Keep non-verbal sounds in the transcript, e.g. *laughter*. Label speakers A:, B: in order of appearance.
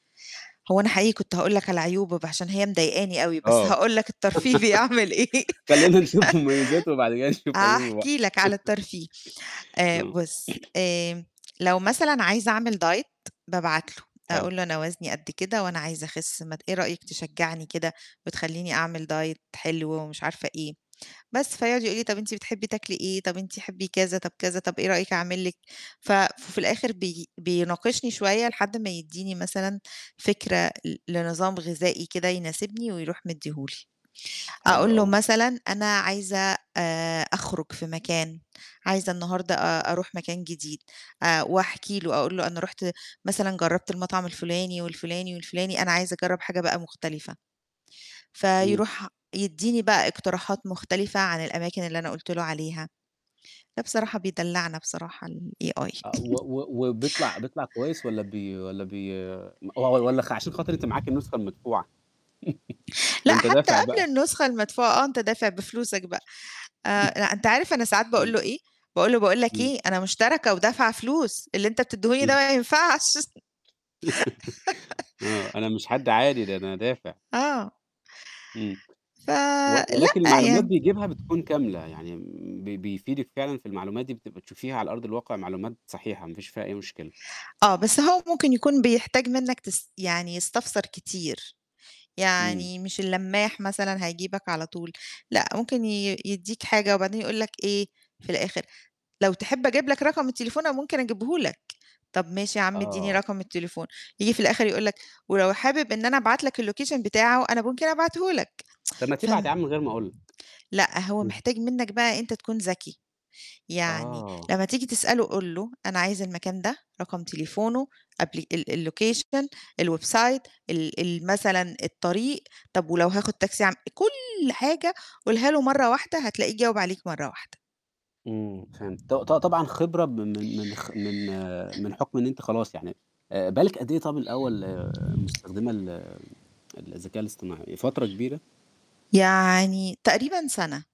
A: هو أنا حقيقي كنت هاقول لك على عيوبة ب عشان هي مضايقاني أوي، بس
B: آه،
A: هاقول لك الترفيه بيعمل إيه.
B: *laughs* خلّينا نشوف مميزاته، وبعدين كده
A: *laughs*
B: نشوف عيوبه بقى.
A: هاحكي لك على
B: *laughs*
A: الترفيه، آآ
B: آه.
A: بُص،
B: *clears throat*
A: آآ لو مثلًا عايزة أعمل Diet، بابعت له،
B: حلو.
A: أقول له: "أنا وزني قد كده، وأنا عايزة أخس ما ت إيه رأيك تشجّعني كده وتخلّيني أعمل Diet حلو،" ومش عارفة إيه. بس، فيقعُد يقول لي: "طَب أنتِ بتحبّي تاكلي إيه، طَب أنت تحبّي،" كذا، طب كذا، طَب إيه رأيك أعمل لِك. ف ففي الآخِر بي بيناقشني شوية لحد ما يدّيني مثلًا فكرة ل لنظام غذائي كده يناسبني ويروح مدّيه لي.
B: حلو
A: أقول له
B: أوي.
A: مثلًا "أنا عايزة آآ أخرُج في مكان، عايزة النهاردة أ أروح مكان جديد." آآ وأحكي له أقول له: "أنا رُحت مثلًا جرّبت المطعم،" الفُلاني والفُلاني والفُلاني، "أنا عايزة أجرّب حاجة بقى مختلفة."
B: إمم.
A: فيروح يدّيني بقى اقتراحات مختلفة عن الأماكن اللي أنا قُلت له عليها، لأ بصراحة بيدلّعنا بصراحة الAi
B: آه، و
A: *chuckles*
B: و وبيطلع بيطلع كويس والّا بي والّا بيم و والّا خ عشان خاطر أنتِ معاكِ النسخة المدفوعة؟ *chuckles*
A: لأ،
B: ما أنت
A: حتّى
B: دافع
A: قبل
B: بقى.
A: النسخة المدفوعة، آه، أنت دافع بفلوسك بقى. آآ لأ، أنت عارف أنا ساعات باقول
B: إمم.
A: له إيه، باقول له: "باقول لك،
B: إمم.
A: إيه أنا مشتركة ودافعة فلوس، اللي أنت بتدّيهوني
B: إمم.
A: ده ما ينفعش"
B: *laughs*
A: *laughs*
B: آه، أنا مش حد عادي، ده أنا دافع.
A: آه.
B: إمم.
A: ف
B: و
A: لأ،
B: ولكن المعلومات
A: يعني.
B: بيجيبها بتكون كاملة، يعني م ب بيفيدِك فعلًا في المعلومات دي بت بتشوفيها على أرض الواقع معلومات صحيحة، ما فيش فيها أي مشكلة.
A: آه، بس هو ممكن يكون بيحتاج منّك تس يعني يستفسر كتير،
B: إمم.
A: يعني مش اللماح مثلًا هيجيبك على طول، لأ ممكن ي يدّيك حاجة وبعدين يقول لك إيه في الآخر: "لو تحب أجيب لك رقم التليفون أنا ممكن أجيبه لك." طَب ماشي يا عم إدّيني
B: آه.
A: رقم التليفون، ييجي في الآخِر يقول لك: "ولو حابب إن أنا أبعت لك الLocation بتاعه أنا ممكن أبعته لك"
B: طَب ما تبعت يا
A: فم
B: عَم من غير ما أقول لك.
A: لأ، هو
B: إمم.
A: محتاج منّك بقى أنت تكون ذكي. يعني
B: آه.
A: لمّا تيجي تسأله قُل له، أنا عايز المكان ده، رقم تليفونه قبل ال ال الLocation، الWeb site، ال ال مثلًا الطريق، طُب ولو هاخُد تاكسي أعم كل حاجة قُلها له مرّة واحدة، هتلاقيه جاوب عليك مرّة واحدة.
B: إمم، فهمت. ط ط طبعًا خبرة ب من من خ من من حُكم إن أنتِ خلاص يعني آآ بقى لِك قد إيه طَب الأول مستخدمة ال الذكاء الاصطناعي، فترة كبيرة؟
A: يعني تقريبًا سَنة.